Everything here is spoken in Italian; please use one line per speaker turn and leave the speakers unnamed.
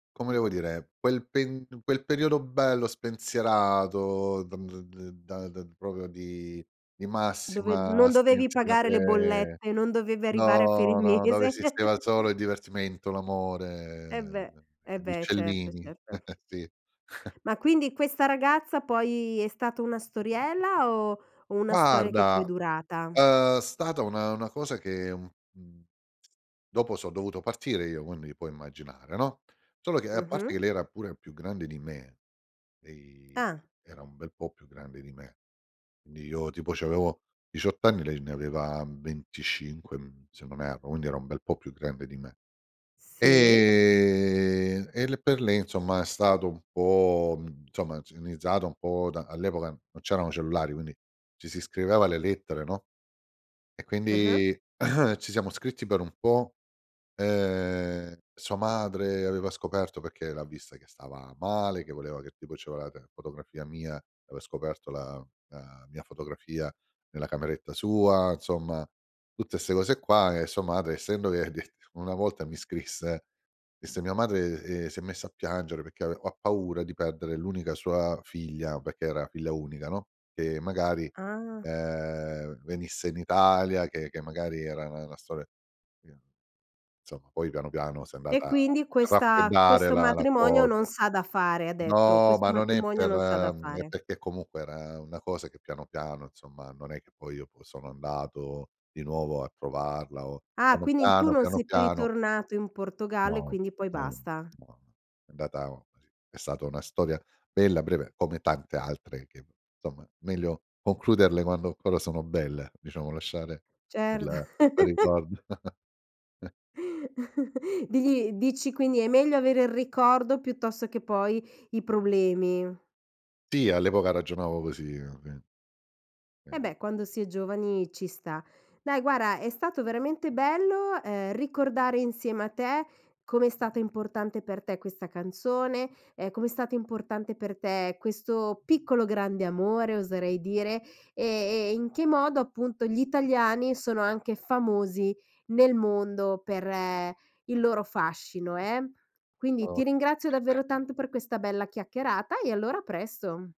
Come devo dire: quel pen quel periodo bello spensierato, d d d da da proprio di di
Dove
massima
non dovevi pagare le
spensierate
bollette, non dovevi arrivare a fine
no, no, dove
mese.
esisteva il solo il divertimento, l'amore,
E beh.
ehm,
Eh
gli
beh. Certo,
uccellini.
certo.
Sì.
Ma quindi, questa ragazza poi è stata una storiella o una storia che poi è
Guarda
durata?
è stata una una cosa che un un dopo so' dovuto partire io, quindi puoi immaginare, no. Solo che a parte che
Mh-mh.
lei era pure più grande di me, lei
Ah!
era un bel po' più grande di me. Quindi io tipo c'avevo 18 anni, lei ne aveva, mhmm, 25 mhmm, se non erro, quindi era un bel po' più grande di me.
Si.
Ehm, e le per lì somma è stato un po' mh mhmm, somma [unintelligible] un po' da all'epoca non c'erano cellulari, quindi ci si scriveva le lettere, no. E
Ah-ah.
quindi ci siamo scritti per un po'. Ehm, sua madre aveva scoperto, perché l'ha vista che stava male, che voleva che tipo ci voleva te fotografia mia, aveva scoperto la la mia fotografia nella cameretta sua, insomma tutte ste cose qua, e sua madre essendo che de una volta mi scrisse, disse "Mia madre," ehm, "si è messa a piangere perché ave ha paura di perdere l'unica sua figlia", perché era figlia unica, no, che magari,
Ah!
ehm, venisse in Italia, che che magari era na una storia sì. Insomma, poi piano, piano si è
E
andata a
quindi questa
raffreddare
"questo
la la
matrimonio
cosa.
non s'ha da fare", ha detto.
No,
"Questo
ma non è
matrimonio
per
non s'ha da
mhmm, è
fare."
perché comunque era una cosa che piano, piano, insomma, non è che poi io sono andato di nuovo a trovarla o
Ah!
piano,
Quindi in tu
piano,
non
piano,
sei più
piano.
ritornato in Portogallo e
No,
quindi poi
no,
basta.
no. È andata è stata una storia bella, breve come tante altre che somma meglio concluderle quando ancora sono belle, diciamo lasciare
Certo.
quel quel ricordo.
Di di dici quindi è meglio avere il ricordo piuttosto che poi i problemi.
Sì, all'epoca ragionavo così. [unintelligible]
E beh,
[unintelligible]
quando si è giovani ci sta. Dai guarda, è stato veramente bello, ehm, ricordare insieme a te com'è stato importante per te questa canzone, ehm, come è stato importante per te questo piccolo grande amore, oserei dire, e e in che modo, appunto, gli italiani sono anche famosi nel mondo per il loro fascino, eh. Quindi
O
ti ringrazio davvero tanto per questa bella chiacchierata e, allora a presto!